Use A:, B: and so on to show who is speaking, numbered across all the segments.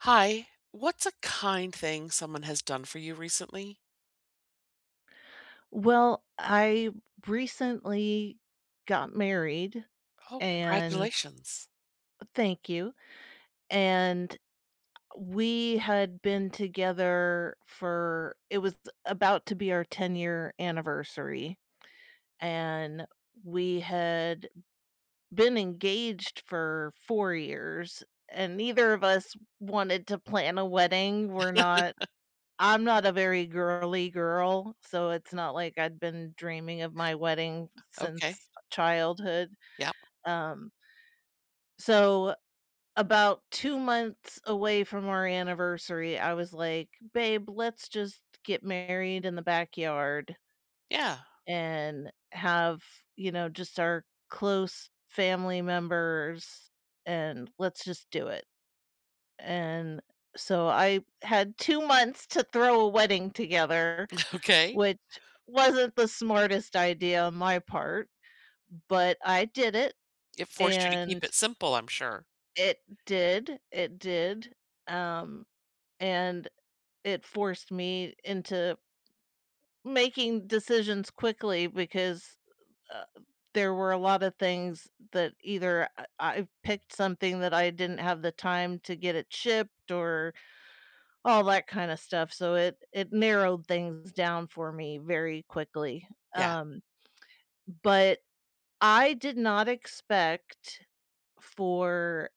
A: Hi. What's a kind thing someone has done for you recently?
B: Well, I recently got married,
A: Oh,
B: and
A: congratulations.
B: Oh, thank you. And we had been together for it was about to be our ten-year anniversary. And we had been engaged for 4 years, and neither of us wanted to plan a wedding. We're not I'm not a very girly girl, so it's not like I'd been dreaming of my wedding
A: Okay.
B: since childhood.
A: Yep.
B: Um So about 2 months away from our anniversary, I was like, "Babe, let's just get married in the backyard"
A: Yeah.
B: "and have, you know, just our close family members, and let's just do it." And so I had 2 months to throw a wedding together,
A: Okay.
B: which wasn't the smartest idea on my part, but I did it.
A: It forced you to keep
B: And
A: it simple, I'm sure.
B: It did. It did. Um, and it forced me into making decisions quickly because, uh, there were a lot of things that either I I picked something that I didn't have the time to get it shipped or all that kinda stuff, so it it narrowed things down for me very quickly,
A: Yeah.
B: um but I did not expect for,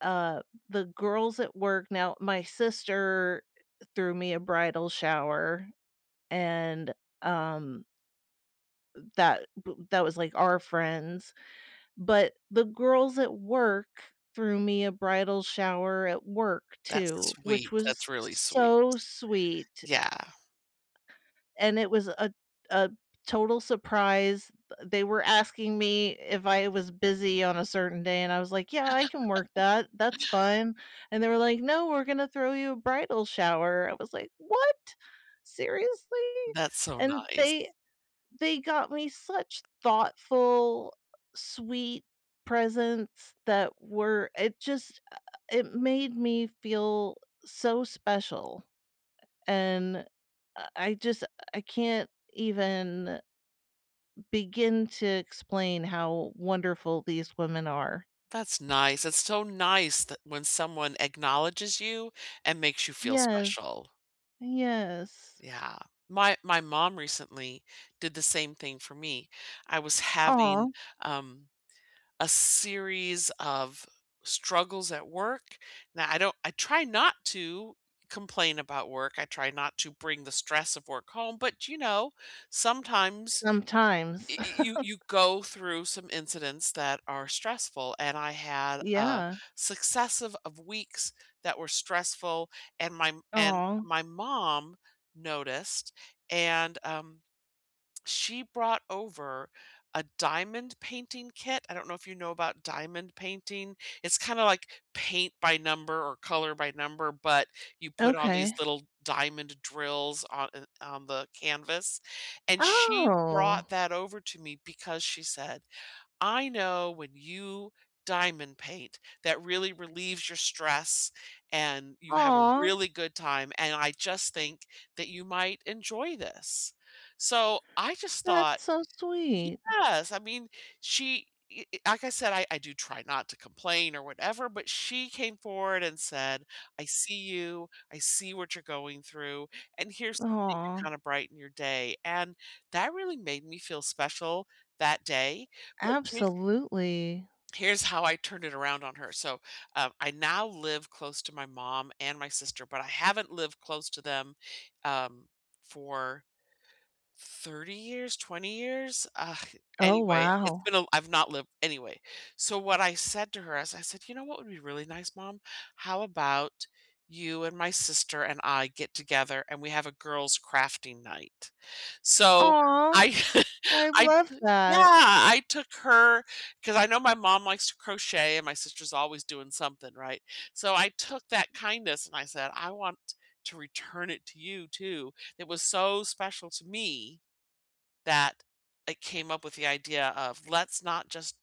B: uh, the girls at work now my sister threw me a bridal shower, and, um that b that was, like, our friends. But the girls at work threw me a bridal shower at work
A: That's
B: too, which
A: sweet. That's
B: was
A: really sweet.
B: so sweet.
A: Yeah.
B: And it was a a total surprise. They were asking me if I was busy on a certain day and I was like, "Yeah, I can work that, that's fine," and they were like, "No, we're gonna throw you a bridal shower," I was like, "What? Seriously?"
A: That's so
B: and
A: nice.
B: they they got me such thoughtful, sweet presents that were it just uh, it made me feel so special, and I I just I can't even begin to explain how wonderful these women are.
A: That's nice, it's so nice that when someone acknowledges you and makes you feel
B: Yes,
A: special.
B: yes.
A: Yeah, my my mom recently did the same thing for me, I was having,
B: Aw.
A: um, a series of struggles at work, now I don't I try not to complain about work, I try not to bring the stress of work home, but, you know, sometimes
B: Sometimes.
A: y y you you go through some incidents that are stressful, and I had a
B: Yeah.
A: successive of weeks that were stressful, and my and
B: Aw.
A: my mom noticed, and, um, she brought over a diamond painting kit, I don't know if you know about diamond painting, it's kinda like paint by number or color by number, but you put all these
B: Okay.
A: little diamond drills on, uh on the canvas, and she
B: Oh.
A: brought that over to me because she said, "I know when you diamond paint that really relieves your stress and you have a
B: Aw.
A: really good time, and I just think that you might enjoy this," so I just thought
B: That's so sweet.
A: Yes, I mean, she e e like I said, I I do try not to complain or whatever, but she came forward and said, "I see you, I see what you're going through, and here's something to
B: Aw.
A: kinda brighten your day," and that really made me feel special that day, but she's
B: Absolutely.
A: Here's how I turned it around on her, so, um, I now live close to my mom and my sister, but I haven't lived close to them, um, for 30 years, 20 years, ugh,
B: Oh,
A: anyway, it's
B: wow.
A: been a l I've not lived Anyway, so what I said to her is, I said, "You know what would be really nice, Mom? How about you and my sister and I get together, and we have a girls' crafting night?" So
B: Aw.
A: I
B: I
A: I
B: love
A: Yeah.
B: that.
A: I took her 'cause I know my mom likes to crochet, and my sister's always doing something, right, so I took that kindness, and I said, "I want to return it to you too," it was so special to me that I came up with the idea of, "Let's not just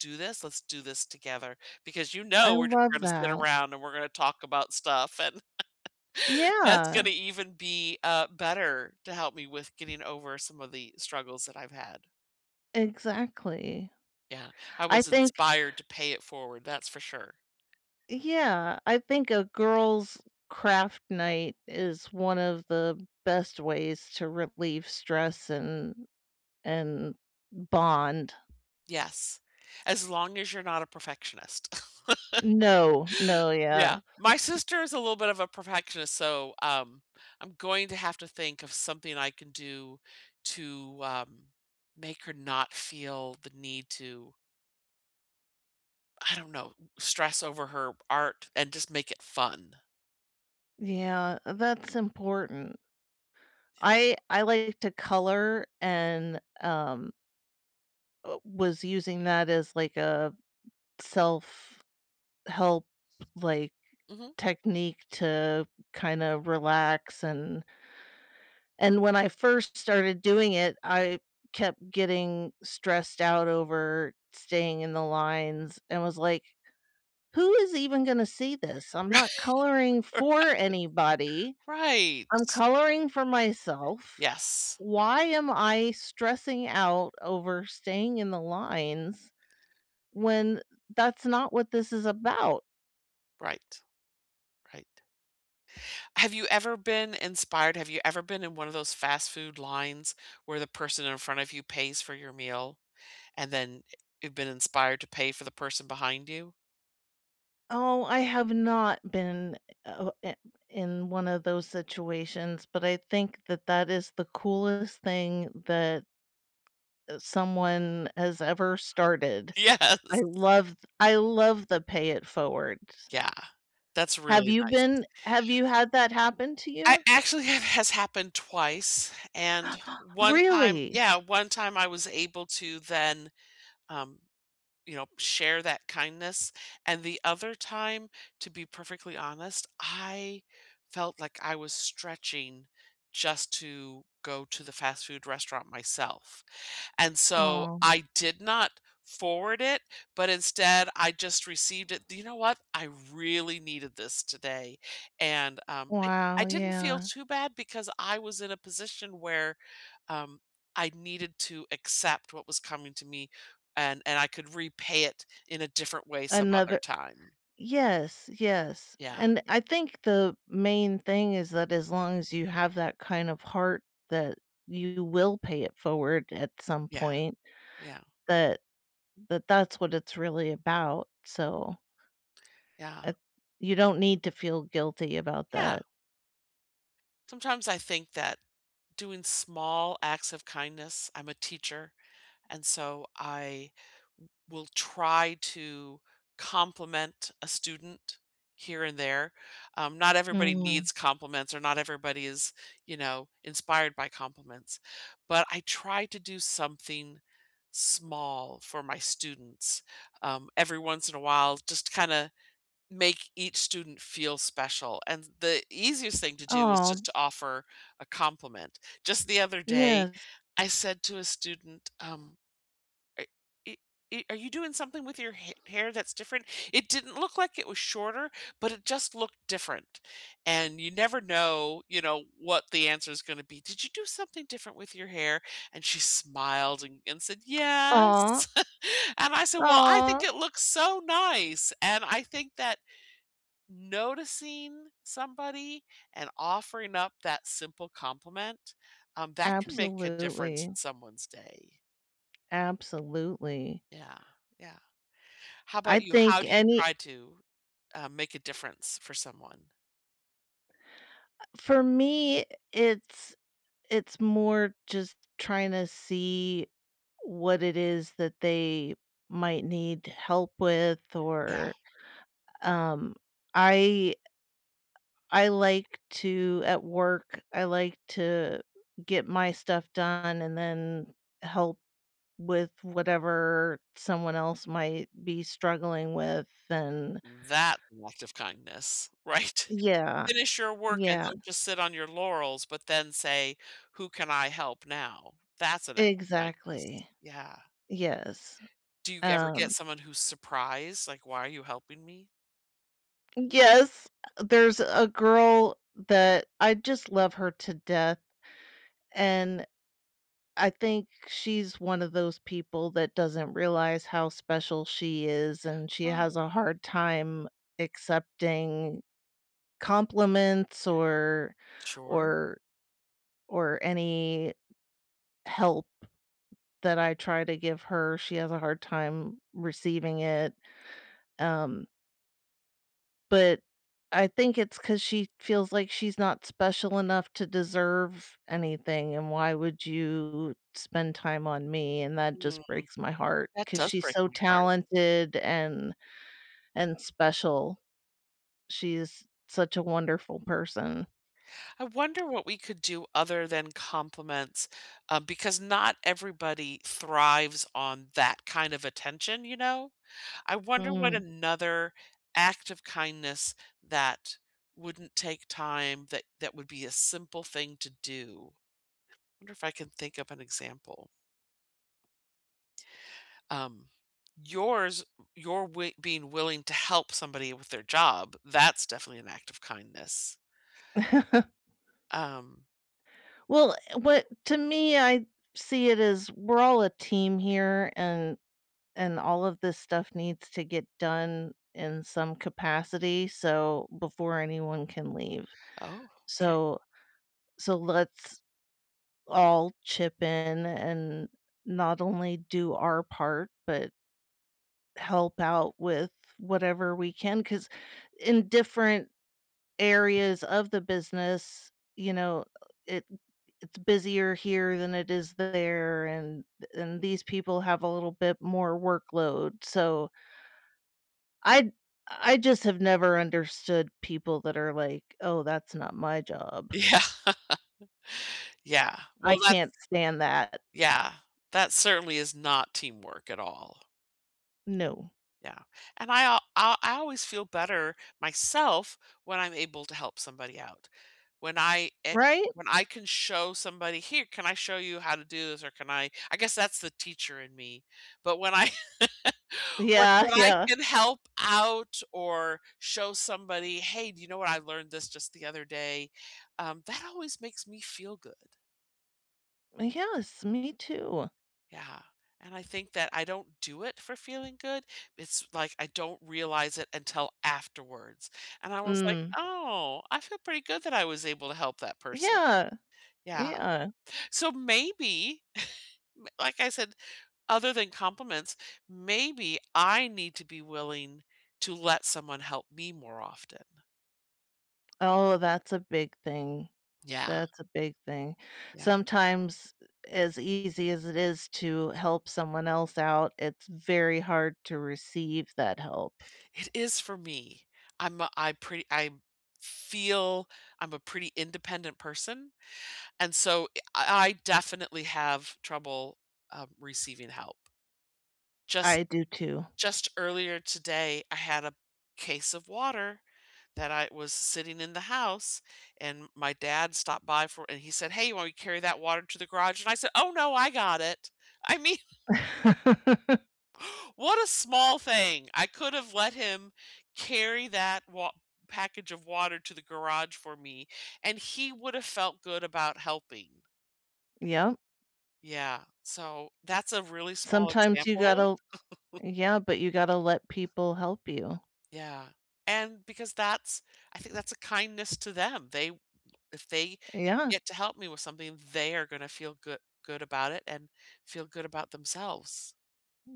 A: do this, let's do this together," because, you
B: I
A: know, we're j
B: love
A: gonna sit
B: that.
A: around and we're gonna talk about stuff, and that's
B: Yeah.
A: gonna even be, uh, better to help me with getting over some of the struggles that I've had.
B: Exactly.
A: Yeah, I
B: I
A: was
B: think
A: inspired to pay it forward, that's for sure.
B: Yeah, I think a girls' craft night is one of the best ways to relieve stress and and bond.
A: Yes, as long as you're not a perfectionist.
B: No, no, yeah.
A: Yeah, my
B: Y
A: sister is a little bit of a perfectionist, so, um, I'm going to have to think of something I can do to, uh, make her not feel the need to I don't know, stress over her art and just make it fun.
B: Yeah. That's important.
A: Yeah.
B: I I like to color and, um uh was using that as, like, a self-help, like,
A: Mhm.
B: technique to kinda relax, and and when I first started doing it, I kept getting stressed out over staying in the lines and was like, "Who is even gonna see this? I'm not coloring
A: Right,
B: for anybody,
A: right,
B: I'm
A: right.
B: coloring for myself,
A: Yes.
B: why am I stressing out over staying in the lines when that's not what this is about?"
A: Right. Right. Have you ever been inspired have you ever been in one of those fast food lines where the person in front of you pays for your meal, and then, eh you've been inspired to pay for the person behind you?
B: Oh, I have not been, uh eh o oh eh in one of those situations, but I think that that is the coolest thing that uh, someone has ever started. I
A: Yes.
B: loved I loved the "pay it forwards."
A: Yeah. That's
B: Have
A: really
B: you
A: nice.
B: been have you had that happen to
A: I,
B: you?
A: actually, that has happened twice, and one time
B: Really?
A: yeah, one time I was able to then, um, you know, share that kindness, and the other time, to be perfectly honest, I felt like I was stretching just to go to the fast food restaurant myself, and so,
B: Oh.
A: I did not forward it, but instead, I just received it. "Do you know what? I really needed this today." And, um, I
B: Wow,
A: I didn't feel
B: yeah.
A: too bad because I was in a position where, um, I needed to accept what was coming to me, and and I could repay it in a different way some other
B: Another
A: time.
B: yes, yes,
A: Yeah.
B: and I think the main thing is that as long as you have that kind of heart that you will pay it forward at some
A: Yeah.
B: point,
A: Yeah.
B: that that that's what it's really about, so
A: Yeah.
B: uh, you don't need to feel guilty about
A: Yeah.
B: that.
A: Sometimes, I think that doing small acts of kindness I'm a teacher, and so, I will try to compliment a student here and there, um, not everybody
B: Mm.
A: needs compliments or not everybody is, you know, inspired by compliments, but I try to do something small for my students, um, every once in a while just to kinda make each student feel special, and, the easiest thing to do is
B: Oh.
A: just to offer a compliment. Just the other day,
B: Yes.
A: I said to a student, um, "Are e e Are you doing something with your ha hair that's different?" It didn't look like it was shorter, but it just looked different, and, you never know, you know, what the answer is gonna be. "Did you do something different with your hair?" and, she smiled and and said,
B: Aw.
A: "Yes." and I said, "Well, I think
B: Aw.
A: it looks so nice," and I think that noticing somebody and offering up that simple compliment, um, that can make a difference in
B: Absolutely.
A: someone's day.
B: Absolutely.
A: Yeah, yeah. How
B: I
A: 'bout you? How
B: think
A: do you
B: any
A: try to, uh, make a difference for someone?
B: Uh, for me, it's it's more just trying to see what it is that they might need help with,
A: Yeah.
B: or, um, I I like to, at work, I like to get my stuff done and then help with whatever someone else might be struggling with, and
A: That act of kindness. Right?
B: Yeah.
A: Finish your work and
B: Yeah.
A: don't just sit on your laurels, but then say, "Who can I help now?" That's an act of kindness.
B: Exactly.
A: Yeah.
B: Yes.
A: Do you ever get
B: Um
A: someone who's surprised? Like, "Why are you helping me?"
B: Yes, there's a girl that I just love her to death, and I think she's one of those people that doesn't realize how special she is, and she has
A: Oh.
B: a hard time accepting compliments or
A: Sure.
B: or or any help that I try to give her. She has a hard time receiving it. Um But I think it's 'cause she feels like she's not special enough to deserve anything, and why would you spend time on me? And that
A: Mm.
B: just breaks my heart,
A: That
B: 'cause
A: does
B: she's
A: break
B: so
A: my heart.
B: talented and and special. She's such a wonderful person.
A: I wonder what we could do other than compliments, um, because not everybody thrives on that kind of attention, you know? I wonder what
B: Mm.
A: another act of kindness that wouldn't take time that that would be a simple thing to do. Wonder if I can think of an example. Um. Yours your way being willing to help somebody with their job, that's definitely an act of kindness. Um.
B: Well, what to me, I see it as we're all a team here, and and all of this stuff needs to get done in some capacity so before anyone can leave.
A: Okay.
B: So, so let's all chip in and not only do our part, but help out with whatever we can, 'cause in different areas of the business, you know, it it's busier here than it is there, and and these people have a little bit more workload, so I I just have never understood people that are like, "Oh, that's not my job."
A: Yeah. Yeah, well,
B: I
A: that's
B: can't stand that.
A: yeah, that certainly is not teamwork at all.
B: No.
A: Yeah, and I I I always feel better myself when I'm able to help somebody out. When I eh
B: Right?
A: when I can show somebody, "Here, can I show you how to do this? or can I" I guess, that's the teacher in me, but when I when
B: Yeah.
A: when I
B: Yeah.
A: can help out or show somebody, "Hey, do you know what I learned this just the other day?" Um, that always makes me feel good.
B: Ah, yes, me too.
A: Yeah, and I think that I don't do it for feeling good, it's like I don't realize it until afterwards. And I was like,
B: Mm.
A: "Oh, I feel pretty good that I was able to help that person."
B: Yeah.
A: Yeah.
B: Yeah.
A: So maybe, m like I said, other than compliments, maybe I need to be willing to let someone help me more often.
B: Oh, that's a big thing.
A: Yeah.
B: That's a big thing.
A: Yeah.
B: Sometimes, eh, as easy as it is to help someone else out, it's very hard to receive that help.
A: It is for me. I'm a I pretty I'm feel I'm a pretty independent person, and so, eh I I definitely have trouble, um, receiving help. Just
B: I do too.
A: just earlier today, I had a case of water that I was sitting in the house, and my dad stopped by for and he said, "Hey, you want me to carry that water to the garage?" And I said, "Oh, no. I got it." I mean what a small thing. I could've let him carry that wa package of water to the garage for me, and he would've felt good about helping.
B: Yeah.
A: Yeah. So that's a really small
B: Sometimes you
A: example.
B: gotta yeah, but you gotta let people help you.
A: Yeah, and because that's I think that's a kindness to them, they if they
B: Yeah.
A: get to help me with something, they are gonna feel goo good about it and feel good about themselves.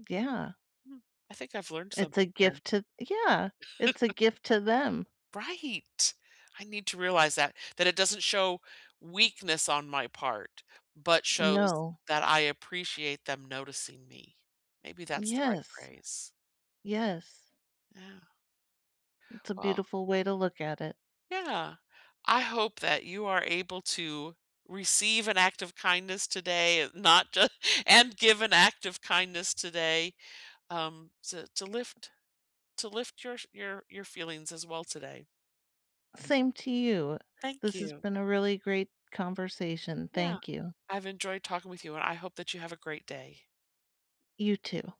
B: Yeah.
A: Hmm, I think I've learned
B: It's a
A: something here.
B: gift to yeah, it's a gift to them.
A: Right. I need to realize that that it doesn't show weakness on my part, but shows
B: No.
A: that I appreciate them noticing me. Maybe that's the right
B: Yes.
A: phrase.
B: Yes.
A: Yeah.
B: It's a
A: Well
B: beautiful way to look at it.
A: Yeah, I hope that you are able to receive an act of kindness today, not ju and give an act of kindness today, um, to to lift to lift your your your feelings as well today.
B: Same to you.
A: Thank
B: This's
A: you.
B: been a really great conversation,
A: Yeah.
B: thank you.
A: I've enjoyed talking with you, and I hope that you have a great day.
B: You too.